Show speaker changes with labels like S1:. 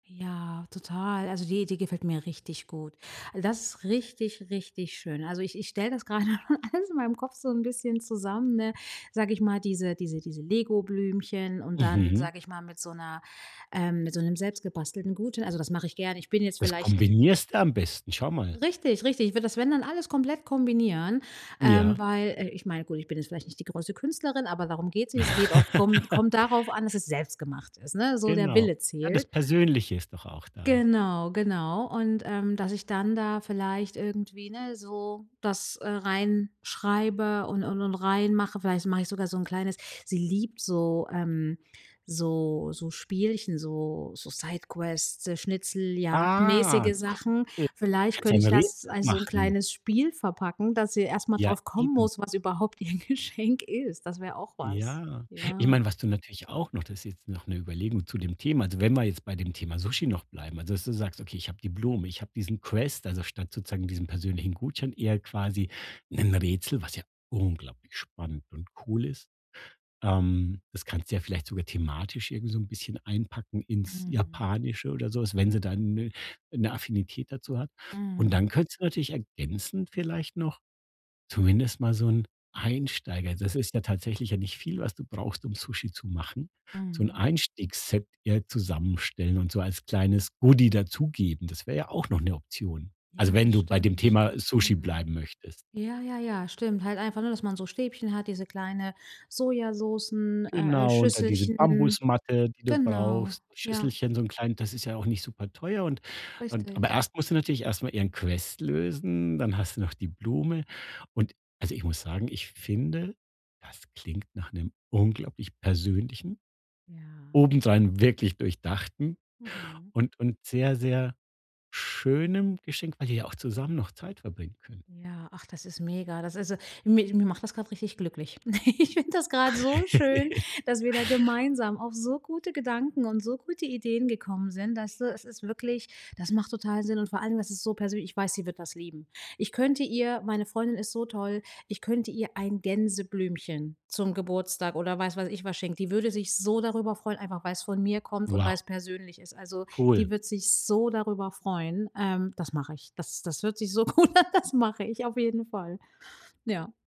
S1: Ja, total. Also, die Idee gefällt mir richtig gut. Das ist richtig, richtig schön. Also, ich ich stelle das grade alles in meinem Kopf so 'n bisschen zusammen, ne, sage ich mal, diese diese diese Legoblümchen und dann,
S2: Mhm.
S1: sage ich mal, mit so 'ner ähm, mit so 'nem selbstgebastelten Gutschein. Also, das mache ich gerne. Ich bin jetzt
S2: Das
S1: vielleicht, äh
S2: kombinierst du am besten. Schau mal.
S1: Richtig, richtig. Ich würde das, wenn dann alles komplett kombinieren, ähm,
S2: Ja.
S1: weil äh, ich meine, gut, ich bin jetzt vielleicht nicht die größte Künstlerin, aber darum geht's nicht. Es geht auf kommt kommt darauf an, dass es selbst gemacht ist, ne? So der
S2: Genau.
S1: Wille
S2: Ja, das
S1: zählt.
S2: Persönliche ist doch auch da.
S1: Genau, genau. Und, ähm, dass ich dann da vielleicht irgendwie, ne, so das, äh, reinschreibe und und und reinmache. Vielleicht mache ich sogar so 'n kleines sie liebt so, ähm, so so Spielchen, so so Sidequests,
S2: Ah,
S1: schnitzeljagdmäßige Sachen.
S2: cool.
S1: Vielleicht
S2: Kannst du
S1: könnte
S2: ein
S1: ich das,
S2: Rätsel
S1: als so 'n
S2: machen.
S1: kleines Spiel verpacken, dass sie erst mal
S2: Ja,
S1: drauf kommen
S2: eben.
S1: muss, was überhaupt ihr Geschenk ist. Das wäre auch was.
S2: Ja. Ich
S1: Ja.
S2: meine, was du natürlich auch noch das ist jetzt noch 'ne Überlegung zu dem Thema, also, wenn wir jetzt bei dem Thema Sushi noch bleiben, also, dass du sagst: „Okay, habe die Blumen, ich hab diesen Quest“, also statt sozusagen diesen persönlichen Gutschein, eher quasi 'nen Rätsel, was ja unglaublich spannend und cool ist. Ähm, das kannst du ja vielleicht sogar thematisch irgendwie so 'n bisschen einpacken ins
S1: Mhm.
S2: Japanische oder so was, wenn sie dann 'ne 'ne Affinität dazu hat. Und dann
S1: Mhm.
S2: könntest du natürlich ergänzend vielleicht noch zumindest mal so 'n Einsteiger das ist ja tatsächlich ja nicht viel, was du brauchst, um Sushi zu machen, so 'n
S1: Mhm.
S2: Einstiegsset eher zusammenstellen und so als kleines Goodie dazugeben. Das wär ja auch noch 'ne Option. Also,
S1: Ja,
S2: wenn
S1: das
S2: du bei dem
S1: stimmt.
S2: Thema Sushi
S1: Mhm.
S2: bleiben möchtest.
S1: Ja, ja, ja, stimmt. Halt einfach, ne, dass man so Stäbchen hat, diese kleine Sojasoßen, äh, äh,
S2: Genau, und da diese
S1: Schüsselchen.
S2: Bambusmatte, die du
S1: Genau,
S2: brauchst,
S1: ja.
S2: Schüsselchen so 'n kleinen das ist ja auch nicht superteuer und und aber
S1: Richtig.
S2: erst muss sie natürlich erst mal ihren Quest lösen, dann hast du noch die Blume. Und also, ich muss sagen, ich finde, das klingt nach 'nem unglaublich persönlichen,
S1: Ja.
S2: obendrein wirklich durchdachten
S1: Mhm.
S2: und und sehr, sehr schönem Geschenk, weil ihr ja auch zusammen noch Zeit verbringen könnt.
S1: Ja, ach, das ist mega, das ist so mi mich macht das grad richtig glücklich. Ich finde das grad so schön, dass wir da gemeinsam auf so gute Gedanken und so gute Ideen gekommen sind, dass du es ist wirklich, das macht total Sinn. Und vor allem, das ist so persönlich, ich weiß, sie wird das lieben. Ich könnte ihr meine Freundin ist so toll, ich könnte ihr ein Gänseblümchen zum Geburtstag oder weiß was ich was schenken. Die würde sich so darüber freuen, einfach weil's von mir kommt und
S2: Wow.
S1: weil's persönlich ist. Also, die
S2: Cool.
S1: wird sich so darüber freuen, ähm, das mache ich. Das das hört sich so gut an, das mache ich auf jeden Fall. Ja.